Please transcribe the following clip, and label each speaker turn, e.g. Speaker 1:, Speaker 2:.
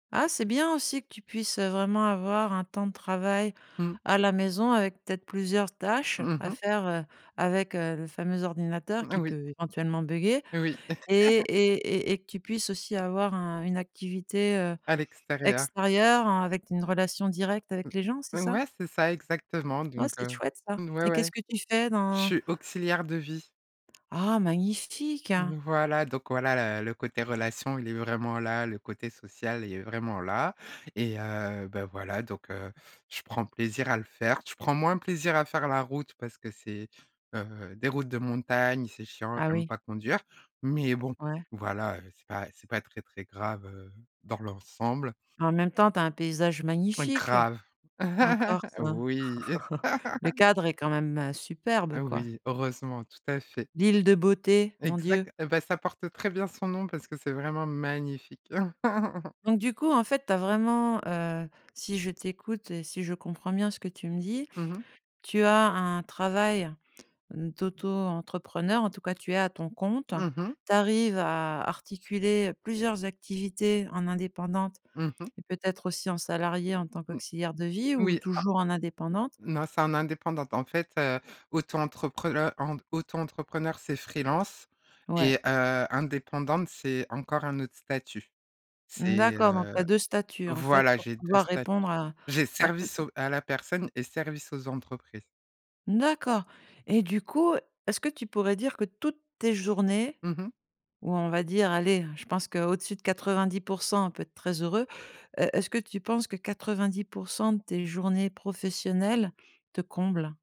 Speaker 1: Ah, c'est bien aussi que tu puisses, heu, vraiment avoir un temps de travail
Speaker 2: Mmh.
Speaker 1: à la maison, avec peut-être plusieurs tâches
Speaker 2: Mmh
Speaker 1: à
Speaker 2: mh.
Speaker 1: faire, heu, avec heu, le fameux ordinateur
Speaker 2: Mmh, ah
Speaker 1: qui
Speaker 2: oui.
Speaker 1: peut éventuellement buguer
Speaker 2: Oui.
Speaker 1: et et et et que tu puisses aussi avoir un une activité, heu,
Speaker 2: À l'extérieur.
Speaker 1: extérieure en avec une relation directe avec les gens, c'est ça?
Speaker 2: Ouais, c'est ça exactement,
Speaker 1: Oh,
Speaker 2: donc
Speaker 1: c'est
Speaker 2: heu
Speaker 1: chouette ça,
Speaker 2: ouais,
Speaker 1: et qu'est-ce
Speaker 2: ouais.
Speaker 1: que tu fais
Speaker 2: Je
Speaker 1: dans
Speaker 2: suis auxiliaire de vie.
Speaker 1: Ah, magnifique!
Speaker 2: Voilà, donc voilà le le côté relation, il est vraiment là, le côté social, il est vraiment là, et heu, beh voilà donc heu, je prends plaisir à le faire, je prends moins plaisir à faire la route parce que c'est, heu, des routes de montagne, c'est chiant,
Speaker 1: Ah
Speaker 2: j'aime
Speaker 1: oui.
Speaker 2: pas conduire, mais bon,
Speaker 1: Ouais.
Speaker 2: voilà, heu, c'est pas c'est pas très très grave, heu, dans l'ensemble.
Speaker 1: En même temps, tu as un paysage magnifique.
Speaker 2: Grave!
Speaker 1: En Corse, heu,
Speaker 2: Oui.
Speaker 1: le cadre est quand même, heu, superbe quoi.
Speaker 2: Oui, heureusement, tout à fait.
Speaker 1: L'île de beauté, mon Dieu.
Speaker 2: Exact, et beh, ça porte très bien son nom parce que c'est vraiment magnifique.
Speaker 1: Donc du coup en fait, tu as vraiment, heu si je t'écoute et si je comprends bien ce que tu me dis,
Speaker 2: Mmh mh.
Speaker 1: tu as un travail d'auto-entrepreneur, en tout cas tu es à ton compte,
Speaker 2: Mmh mh.
Speaker 1: tu arrives à articuler plusieurs activités en indépendante
Speaker 2: Mmh mh.
Speaker 1: et peut-être aussi en salariée en tant
Speaker 2: M
Speaker 1: qu'auxiliaire de vie, ou
Speaker 2: oui, à
Speaker 1: toujours en indépendante
Speaker 2: non c'est en indépendante. En fait, heu, auto-entreprel heu, en auto-entrepreneur c'est free-lance et
Speaker 1: Ouais.
Speaker 2: heu, indépendante c'est encore un autre statut. C'est,
Speaker 1: D'accord,
Speaker 2: heu
Speaker 1: donc tu as 2 statuts en fait,
Speaker 2: voilà,
Speaker 1: pour
Speaker 2: j'ai 2
Speaker 1: pouvoir
Speaker 2: statuts,
Speaker 1: répondre à
Speaker 2: j'ai
Speaker 1: à t
Speaker 2: service aux à la personne et service aux entreprises.
Speaker 1: D'accord, et du coup, est-ce que tu pourrais dire que toutes tes journées
Speaker 2: Mmh mh.
Speaker 1: ou on va dire, allez, je pense qu'au-dessus de 90 % on peut être très heureux. Heu, est-ce que tu penses que 90 % de tes journées professionnelles te comblent?